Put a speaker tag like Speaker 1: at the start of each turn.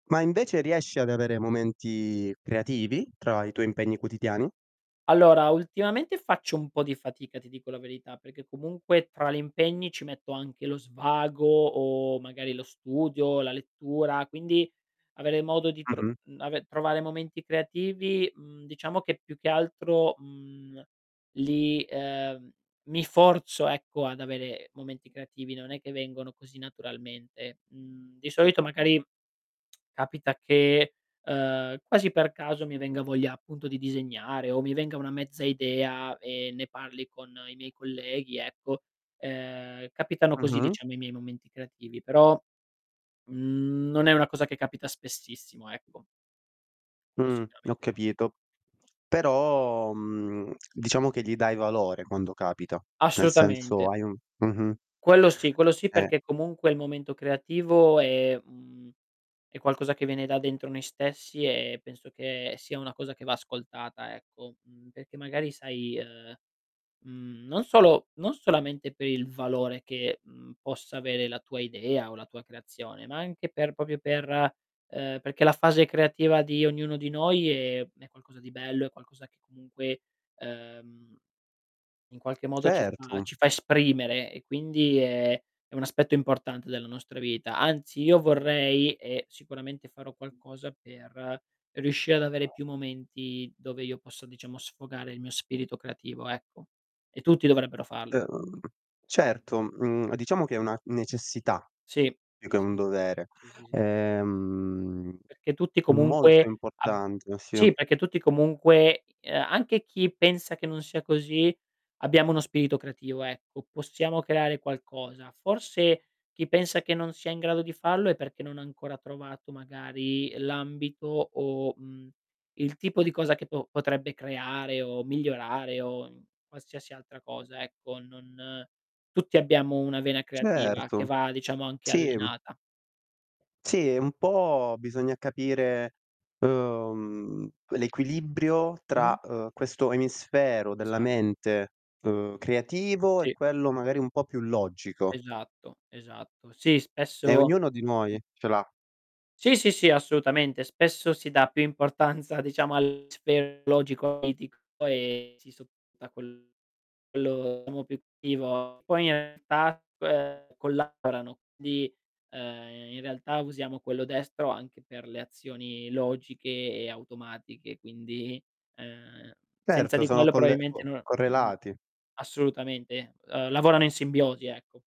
Speaker 1: Ma invece, riesci ad avere momenti creativi tra i tuoi impegni quotidiani?
Speaker 2: Allora, ultimamente faccio un po' di fatica, ti dico la verità, perché comunque tra li impegni ci metto anche lo svago o magari lo studio, la lettura, quindi avere modo di tro
Speaker 1: Mh-mh.
Speaker 2: mhmm, ave trovare momenti creativi, mhmm, diciamo che più che altro, mhmm, li ehm, mi forzo ecco, ad avere momenti creativi, non è che vengono così naturalmente. Mhmm, di solito magari capita che, ehm, quasi per caso mi venga voglia appunto di disegnare, o mi venga una mezza idea, e ne parli con i miei colleghi ecco, ehm, capitano così
Speaker 1: Mh-mh.
Speaker 2: diciamo i miei momenti creativi, però, mhmm, non è una cosa che capita spessissimo, ecco. Quello
Speaker 1: Mh. Ho
Speaker 2: sicuramente no.
Speaker 1: capito. Però, mhmm, diciamo che gli dai valore quando capita, nel senso
Speaker 2: Assolutamente.
Speaker 1: hai un Mh-mh.
Speaker 2: Quello sì, quello sì,
Speaker 1: Eh.
Speaker 2: perché comunque il momento creativo è un è qualcosa che viene da dentro noi stessi e penso che sia una cosa che va ascoltata ecco, mhmm, perché magari sai, ehm, mhmm, non solo non solamente per il valore che, mhmm, possa avere la tua idea o la tua creazione, ma anche per proprio per ehm, perché la fase creativa di ognuno di noi è è qualcosa di bello, è qualcosa che comunque, uhm, in qualche modo ci fa
Speaker 1: Certo.
Speaker 2: ci fa esprimere, e quindi è è un aspetto importante della nostra vita. Anzi, io vorrei, e sicuramente farò qualcosa per riuscire ad avere più momenti, dove io posso, diciamo, sfogare il mio spirito creativo, ecco, e tutti dovrebbero fallo
Speaker 1: Uhm, certo, mhmm, diciamo che è una necessità,
Speaker 2: Sì.
Speaker 1: più che un
Speaker 2: Sì, sì, sì,
Speaker 1: dovere.
Speaker 2: sì, sì, sì.
Speaker 1: Ehm,
Speaker 2: Perché tutti
Speaker 1: molto
Speaker 2: comunque, ab
Speaker 1: importante, sì.
Speaker 2: sì, perché tutti comunque, i anche chi pensa che non sia così, abbiamo uno spirito creativo ecco, possiamo creare qualcosa. Forse chi pensa che non sia in grado di farlo è perché non ha ancora trovato magari l'ambito, o mhmm, il tipo di cosa che do potrebbe creare o migliorare o qualsiasi altra cosa ecco, non tutti abbiamo una vena creativa che
Speaker 1: Certo.
Speaker 2: va, diciamo, anche
Speaker 1: Sì.
Speaker 2: allenata.
Speaker 1: Sì, e un po' bisogna capire, uhm, l'equilibrio
Speaker 2: Mh-mh.
Speaker 1: tra, uhm, questo emisfero della
Speaker 2: Esatto.
Speaker 1: mente, uhm, creativo e
Speaker 2: Sì.
Speaker 1: quello magari un po' più logico.
Speaker 2: Esatto, esatto. Sì,
Speaker 1: E
Speaker 2: spesso
Speaker 1: ognuno di
Speaker 2: Mh.
Speaker 1: noi ce l'ha.
Speaker 2: Sì, sì, sì assolutamente. Spesso si dà più importanza diciamo all'aspetto logico e politico e si sopporta quello diciamo più creativo. Poi in realtà collaborano, quindi, ehm, in realtà usiamo quello destro anche per le azioni logiche e automatiche quindi, uhm, senza
Speaker 1: Erto
Speaker 2: di
Speaker 1: sono
Speaker 2: quello
Speaker 1: colle o
Speaker 2: probabilmente no Mh.
Speaker 1: correlati.
Speaker 2: Assolutamente. Uhm, lavorano in simbiosi, ecco.